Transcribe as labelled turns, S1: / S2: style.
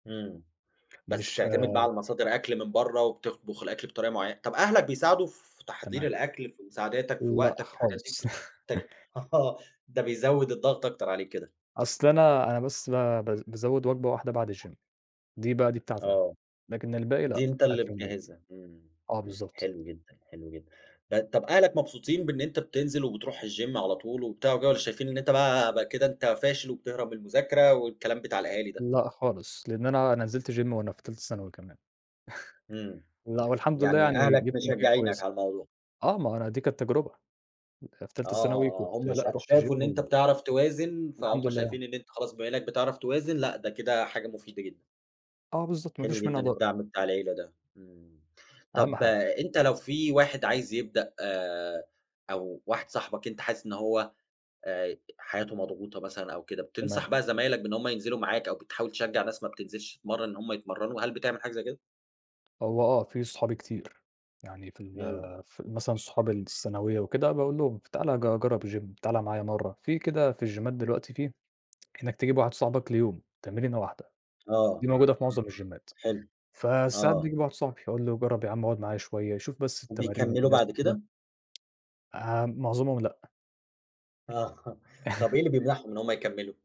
S1: إمم بس
S2: مش
S1: بتعتمد بقى
S2: ها
S1: على مصادر أكل من برّا وبتخ تطبُخ الأكل بطريقة معيّن طَب أهلك بيساعدوا في تحضير
S2: تمام.
S1: الأكل في مساعدتك في
S2: لأ
S1: وقتك في الحاجات دي؟
S2: خالص.
S1: بتف ت آه، ده بيزوّد الضغط أكتر عليك كده.
S2: أصل أنا أنا بس ب باز بازوّد وجبة واحدة بعد الGym دي بقى دي بتاعتي أنا،
S1: آه،
S2: لكن الباقي
S1: دي
S2: لأ،
S1: أنت اللي
S2: أكل من البيت،
S1: مجهزها، إمم
S2: آه بالضبط.
S1: حلو جدًا، حلو جدًا، آآ طَب أهلك مبسوطين بإن أنت بتنزل وبتروح الGym على طول وبتاع وكده، والّا شايفين إن أنت بقى بقى كده أنت فاشل وبتهرب من المذاكرة والكلام بتاع الأهالي ده؟
S2: لأ خالص، لإن أنا أنا نزلت Gym وأنا في تالتة ثانوي كمان.
S1: إمم،
S2: لأ، والحمد لله
S1: يعني
S2: يعني
S1: أهلك
S2: جِبت نتيجة
S1: مشجعينك
S2: كويسة،
S1: على الموضوع.
S2: آه، ما هو أنا دي كانت تجربة، أنا في
S1: آه،
S2: تالتة ثانوي كنت
S1: آه، آه هُم
S2: لأ،
S1: شا
S2: رُحت Gym
S1: شافوا إن أنت
S2: و
S1: بتعرف توازن،
S2: والحمد
S1: فهُم
S2: لله يعني.
S1: شايفين إن أنت خلاص بما إنّك بتعرف توازن لأ، ده كده حاجة مُفيدة جدًا.
S2: آه بالضبط، ما
S1: حلو
S2: فيش منها
S1: جدًا
S2: ضَرر.
S1: الدعم بتاع العيلة ده، إمم،
S2: أهم
S1: طَب
S2: حاجة.
S1: أنت لو في واحد عايز يبدأ آآ أو واحد صاحبك أنت حاسس إن هو آآ حياته مضغوطة مثلًا أو كده،
S2: تمام.
S1: بتنصح بقى زمايلك بإن هُم ينزلوا معاك، أو بتحاول تشجع ناس ما بتنزلش تتمرن إن هُم يتمرنوا، هل بتعمل حاجة زي كده؟
S2: هو آه في صحابي كتير، يعني في ال
S1: إمم.
S2: في ال مثلًا صحاب الثانوية وكده، باقول لهم ف تعالَ ج جرّب الGym تعالَ معايا مرّة، في كده في الجيمات دلوقتي في إنّك تجيب واحد صاحبك ليوم تمرينة واحدة،
S1: آه،
S2: دي موجودة في معظم
S1: إمم،
S2: الجيمات
S1: حلو،
S2: فساعات
S1: آه.
S2: باجيب واحد صاحبي، أقول لُه جرّب يا عَم أُقعُد معايا شوية، يشوف بس التمارين
S1: وبيكملوا
S2: والناس
S1: بعد
S2: وكده.
S1: كده؟
S2: آمم معظمهم لأ.
S1: آه، طَب إيه اللي بيمنعهم إن هُم يكملوا؟